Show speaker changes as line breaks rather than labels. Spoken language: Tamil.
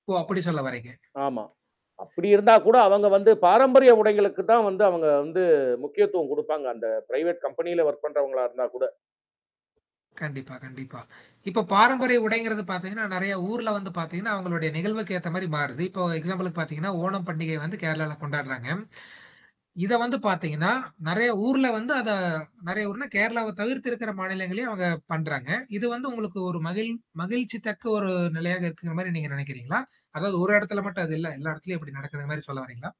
ஓ! அப்பிடி சொல்லவரீங்க.
ஆமா. அப்பிடி இருந்தா கூட அவங்க வந்து பாரம்பரிய உடைகளுக்கு தான் வந்து அவங்க வந்து முக்கியத்துவம் குடுப்பாங்க. அந்த பிரைவேட் கம்பெனியில ஒர்க் பண்றவங்களா இருந்தாகூட.
கண்டிப்பா, கண்டிப்பா. இப்ப பாரம்பரிய உடைங்கிறது பார்த்தீங்கன்னா, நெறைய ஊர்ல வந்து பார்த்தீங்கன்னா, அவுங்களுடைய நிகழ்வுக்கு ஏத்த மாரி மாறுது. இப்போ எக்ஸாம்பிளுக்கு பார்த்தீங்கன்னா, ஓணம் பண்டிகை வந்து கேரளால கொண்டாட்றாங்க. இத வந்து பார்த்தீங்கன்னா, நெறைய ஊர்ல வந்து அத நெறைய ஊர்னா கேரளாவ தவிர்த்து இருக்கிற மாநிலங்கள்ளையும் அவுங்க பண்றாங்க. இது வந்து உங்களுக்கு ஒரு மகிழ் மகிழ்ச்சி தக்க ஒரு நிலையாக இருக்குங்கிறமாரி நீங்க நினைக்கிறீங்களா? அதாவது ஒரு இடத்துல மட்டும் அது இல்ல. எல்லா இடத்தலயும் இப்பிடி நடக்கிறமாரி சொல்ல வாரீங்களா?